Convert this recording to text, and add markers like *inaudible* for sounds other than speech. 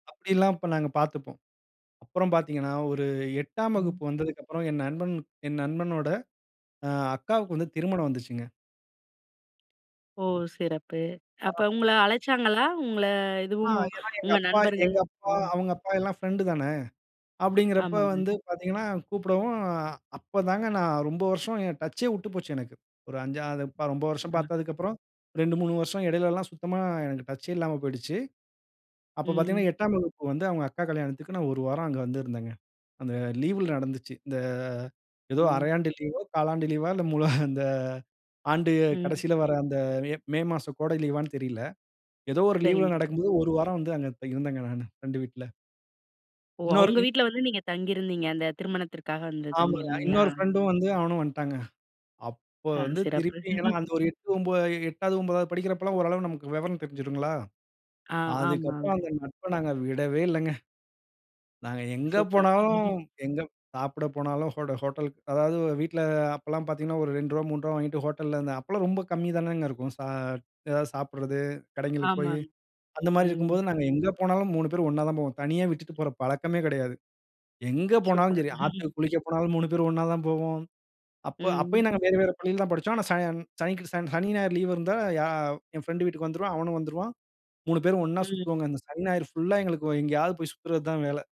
அப்டியெல்லாம் அப்ப நாங்க பார்த்துப்போம். அப்புறம் பார்த்தீங்கன்னா, ஒரு 8ஆம் ம். வகுப்பு வந்ததுக்கு அப்புறம், என் நண்பன் என் நண்பனோட, அ அக்காவுக்கு வந்து திருமணம் வந்துச்சுங்க. ஓ! சிறப்பு. ஆ. அப்ப உங்கள அழைச்சாங்களா, உங்கள ஆ இதுவும் ஏன்னா, எங்க உங்க அப்பா நண்பர்கள்? எங்க அப்பா, ம். அவங்க அப்பா எல்லாம் பிரெண்ட் தான. அப்டிங்கிறப்ப ஆமாங்க. வந்து பாத்தீங்கன்னா, கூப்பிடவும் அப்போதாங்க நான் ரொம்ப வருஷம் என் டச்சே வுட்டுப்போச்சு எனக்கு. ஒரு 5 *unintelligible* ரொம்ப வருஷம் ஆ. பாத்ததுக்கு அப்புறம், 2,3 வருசம் இடையில எல்லா சுத்தமா எனக்கு டச்சே இல்லாம போய்டுச்சு. அப்போ பார்த்தீங்கன்னா, ம். 8 ஆம் வகுப்பு வந்து அவுங்க அக்கா கல்யாணத்துக்கு நான் ஒரு வாரம் அங்க வந்திருந்தங்க. அந்த லீவ்ல நடந்துச்சு, இந்த ஏதோ ஓ. அரையாண்டு லீவோ, காலாண்டு லீவா இல்ல முழு அந்த ஆண்டு கடைசியில ம். வர அந்த மே, மே மாசம் கோடை லீவ்வான்னு தெரில. ஏதோ ஒரு லீவ்ல சரிங்க. நடக்கும்போது ஒரு வாரம் வந்து அங்க த இருந்தேங்க நானு, பிரெண்டு வீட்ல. ஓ. இன்னொரு அவுங்க இன் வீட்ல வந்து நீங்க தங்கியிருந்தீங்க. அந்த திருமணத்திற்காக வந்து ஆமாங்க. அ தங்கியிருந்தீங்களா? இன்னொரு ஃப்ரெண்டும் வந்து அவனும் வன்ட்டாங்க. அப்போ ஆ. வந்து சிறப்பு. திருப்பி, ஏன்னா *chuckles* அந்த ஒரு 8 ஒன்ப எ 8து 9தாது படிக்கிறப்போலாம் ஓரளவு நமக்கு விவரம் தெரிஞ்சுடுங்களா! ஆ, அதுக்கப்புறம் ஆமாங்க. அந்த நட்ப நாங்க விடவே இல்லங்க. நாங்க எங்க சூப்பர். போனாலும், *chuckles* எங்க சாப்பிட போனாலும், ஹோட ஹோட்டல்க்கு அதாவது வ வீட்ல அ அப்போலா பாத்தீங்கன்னா, ஒரு ரூ. 2, ரூ. 3 வாங்கிட்டு, ஹோட்டல்ல இந்த அப்போலா ரொம்ப கம்மி தானேங்க இருக்கும், சா எதாவது சாப்பிட்றது, கடைங்களுக்கு போய். ஆமாங் அந்த மாரி ம். இருக்கும்போது, நாங்க எங்க போனாலும் 3 பேரும் ஒண்ணா தான் போவோம். தனியா விட்டுட்டு போற பழக்கமே கிடையாது. எங்க போனாலும் சூப்பர். சரி. *chuckles* ஆத்துக்கு குளிக்க போனாலும் 3 பேரும் ஒண்ணா தான் போவோம். அப்ப ம், அப்பயும் நாங்க ம்ஹ்ம். வேறு, வேறு பள்ளில தான் படிச்சோம். ஆனா, சன் சனிக்கி சன், சனி ஞாயிறு லீவ் இருந்தா, யா என் ஃபிரெண்டு வீட்டுக்கு வந்துருவேன், அவனும் வந்துருவான். 3 பேரும் ஒண்ணா ம். சுத்துவோங்க. இந்த சனி ஞாயிறு ஃபுல்லா எங்களுக்கு ஒ எங்கேயாவது போய் சுத்துறது தான் வேலை.